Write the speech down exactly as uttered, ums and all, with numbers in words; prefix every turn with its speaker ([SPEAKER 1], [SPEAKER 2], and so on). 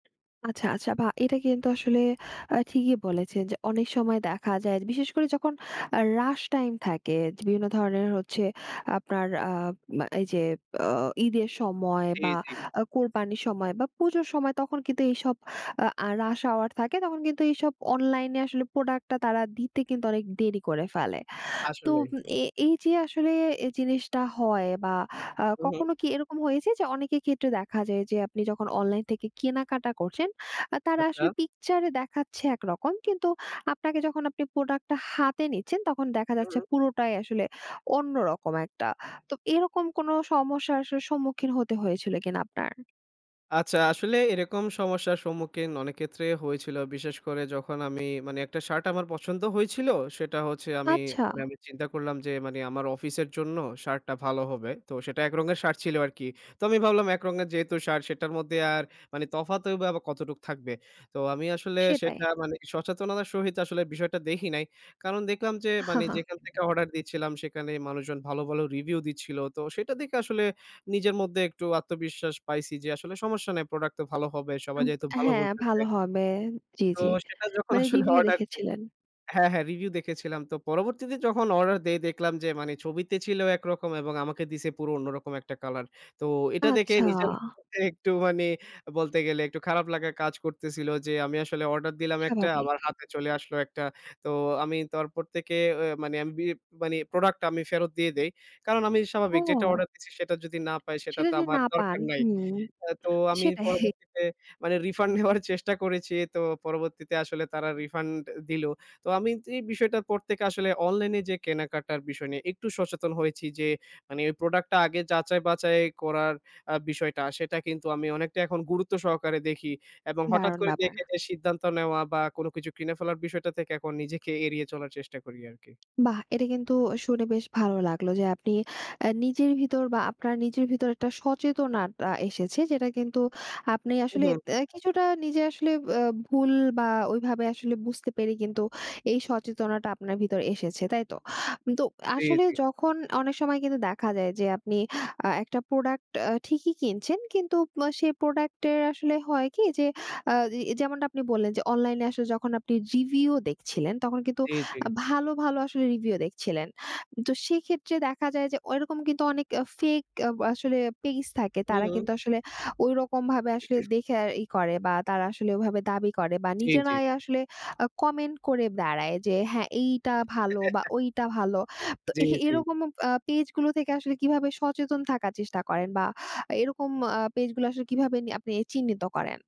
[SPEAKER 1] আচ্ছা, আচ্ছা, বা এটা কিন্তু আসলে আ ঠিকই বলেছেন, যে, অনেক সময় দেখা যায়, বিশেষ করে যখন আ রাশ টাইম থাকে, বিভিন্ন ধরনের হচ্ছে আপনার আ মা এই যে, বে ঈদের সময়
[SPEAKER 2] জ্বী,
[SPEAKER 1] বা
[SPEAKER 2] জ্বী।
[SPEAKER 1] আ কোরবানির সময়, বা পুজোর সময়, তখন কিন্তু এইসব আ রাশ hour থাকে তখন কিন্তু এইসব অনলাইনে আসলে প্রোডাক্ট টা তারা দিতে কিন্তু অনেক দেরি করে ফেলে। তো
[SPEAKER 2] আসলে।
[SPEAKER 1] ম এ এই যে, আসলে জিনিসটা হয় বা আ
[SPEAKER 2] হু, হুম।
[SPEAKER 1] কখনো কি এরকম হয়েছে যে, অনেকের ক্ষেত্রে দেখা যায়, যে, আপনি যখন অনলাইন থেকে কেনাকাটা করছেন আ তারা
[SPEAKER 2] আচ্ছা।
[SPEAKER 1] আসলে পিকচার এ দেখাচ্ছে একরকম, কিন্তু আপনাকে যখন আপনি প্রোডাক্ট টা হাতে নিচ্ছেন, তখন দেখা
[SPEAKER 2] হু,
[SPEAKER 1] যাচ্ছে
[SPEAKER 2] হুম।
[SPEAKER 1] পুরোটাই আসলে অন্যরকম একটা। তো এরকম কোনো সমস্যার আসলে সম্মুখীন হতে হয়েছিল কিনা আপনার?
[SPEAKER 2] আচ্ছা, আসলে এরকম সমস্যার সম্মুখীন অনেক ক্ষেত্রে হয়েছিল। বিশেষ করে যখন আমি মানি একটা শার্ট আমার পছন্দ হয়েছিল, সেটা হচ্ছে আমি
[SPEAKER 1] আচ্ছা।
[SPEAKER 2] মানি আমি চিন্তা করলাম, যে, মানি আমার অফিসের জন্য শার্টটা ভালো হবে। তো সেটা এক রঙের শার্ট ছিল আরকি। তো আমি ভাবলাম এক রঙের যেহেতু শার্ট সেটার মধ্যে আর মানি তফাৎ বা কতটুকু থাকবে। তো আমি আসলে
[SPEAKER 1] সেটাই।
[SPEAKER 2] সেটা মানি সচেতনতার সহিত আসলে বিষয়টা দেখি নাই। কারণ দেখলাম যে, মানি যেখান থেকে অর্ডার দিচ্ছিলাম, সেকানে মানুষজন ভালো, ভালো রিভিউ দিচ্ছিল। তো সেটা দেখে আসলে নিজের মধ্যে একটু আত্মবিশ্বাস পাইছি, যে, আসলে সমস্যা নাই। প্রোডাক্ট তো ভালো হবে। সবাই
[SPEAKER 1] উব
[SPEAKER 2] যেহেতু ভালো
[SPEAKER 1] হ্যাঁ,
[SPEAKER 2] বলতেছে
[SPEAKER 1] ভালো হবে। জ্বী,
[SPEAKER 2] তো
[SPEAKER 1] জ্বী।
[SPEAKER 2] সেটা যখন
[SPEAKER 1] মানে
[SPEAKER 2] আসলে
[SPEAKER 1] রিভিউ
[SPEAKER 2] অর্ডার দেই
[SPEAKER 1] দেখেছিলেন?
[SPEAKER 2] হ্যাঁ, হ্যাঁ, রিভিউ দেখেছিলাম। তো পরবর্তীতে যখন অর্ডার দেই দেখলাম, যে, মানি ছবিতে ছিল একরকম, এবং আমাকে দিছে পুরো অন্যরকম একটা কলার। তো এটা দেখে
[SPEAKER 1] আচ্ছা।
[SPEAKER 2] নিজের মধ্যে একটু মানি বলতে গেলে, একটু খারাপ লাগা কাজ করতেছিল, যে, আমি আসলে অর্ডার দিলাম একটা,
[SPEAKER 1] স্বাভাবিক।
[SPEAKER 2] আমার হাতে চলে আসলো একটা। তো আমি তারপর এ তেকে এ মানি [unintelligible] মানি প্রোডাক্ট টা আমি ফেরত দিয়ে দেই। কারণ আমি
[SPEAKER 1] ও।
[SPEAKER 2] স্বাভাবিক যেটা অর্ডার দিচ্ছি সেটা যদি না পাই, সেটা
[SPEAKER 1] সেটা
[SPEAKER 2] তো
[SPEAKER 1] যদি
[SPEAKER 2] আমার
[SPEAKER 1] না পান,
[SPEAKER 2] দরকার নাই।
[SPEAKER 1] হুম,
[SPEAKER 2] আ তো আমি
[SPEAKER 1] সেটাই।
[SPEAKER 2] পরবর্তীতে মানি রিফান্ড নেওয়ার চেষ্টা করেছি। তো পরবর্তীতে আসলে তারা রিফান্ড দিলো। তো আমি এই বিষয়টার পর থেকে আসলে অনলাইন এ যে, কেনাকাটার বিষয় নিয়ে একটু সচেতন হয়েছি, যে, মানি এই প্রোডাক্ট টা আগে যাচাই-বাচাই করার আ বিষয়টা, সেটা কিন্তু আমি অনেকটা এখন গুরুত্ব সহকারে দেখি। এবং হঠাৎ
[SPEAKER 1] দারুণ
[SPEAKER 2] করে
[SPEAKER 1] ব্যাপার।
[SPEAKER 2] দেখে যে, সিদ্ধান্ত নেওয়া, বা কোনো কিছু কিনে ফেলার বিষয়টা থেকে, এখন নিজেকে এড়িয়ে চলার চেষ্টা করি আরকি।
[SPEAKER 1] বাহ! এটা কিন্তু শুনে বেশ ভালো লাগলো, যে, আপনি আ নিজের ভিতর বা আপনার নিজের ভিতর একটা সচেতনাটা এসেছে, যেটা কিন্তু আপনি
[SPEAKER 2] হু,
[SPEAKER 1] আসলে
[SPEAKER 2] হুম।
[SPEAKER 1] দে কিছুটা নিজে আসলে আ ভুল বা ওইভাবে আসলে বুঝতে পেরে কিন্তু এই সচেতনাটা আপনার ভিতর এসেছে। তাই তো? তো
[SPEAKER 2] জ্বী,
[SPEAKER 1] আসলে
[SPEAKER 2] জ্বী।
[SPEAKER 1] যখন অনেক সময় কিন্তু দেখা যায়, যে, আপনি আ একটা প্রোডাক্ট আ ঠিকই কিনছেন, কিন্তু ম সে প্রোডাক্ট এর আসলে হয় কি? যে, আ এ যেমন আপনি বললেন যে, অনলাইন এ আসলে যখন রিভিউ দেখছিলেন, তখন কিন্তু
[SPEAKER 2] জী, জী।
[SPEAKER 1] ভালো, ভালো আসলে রিভিউ দেখছিলেন। তো সেক্ষেত্রে দেখা যায় যে, ওইরকম কিন্তু অনেক ফেক আ আসলে পেজ থাকে।
[SPEAKER 2] হু,
[SPEAKER 1] তারা
[SPEAKER 2] হুম।
[SPEAKER 1] কিন্তু আসলে ওইরকমভাবে আসলে দেখে ইয়ে করে বা তারা আসলে ওইভাবে দাবি করে বা
[SPEAKER 2] জ্বী, জ্বী।
[SPEAKER 1] নিজেরাই আসলে আ কমেন্ট করে দাঁড়ায় যে, হ্যাঁ, এইটা ভালো, বা ওইটা ভালো। তো
[SPEAKER 2] জ্বী,
[SPEAKER 1] এ
[SPEAKER 2] জ্বী।
[SPEAKER 1] এরকম আ পেজগুলো থেকে আসলে কীভাবে সচেতন থাকার চেষ্টা করেন? বা এরকম আ পেজগুলো আসলে কীভাবে আপনি চিহ্নিত করেন?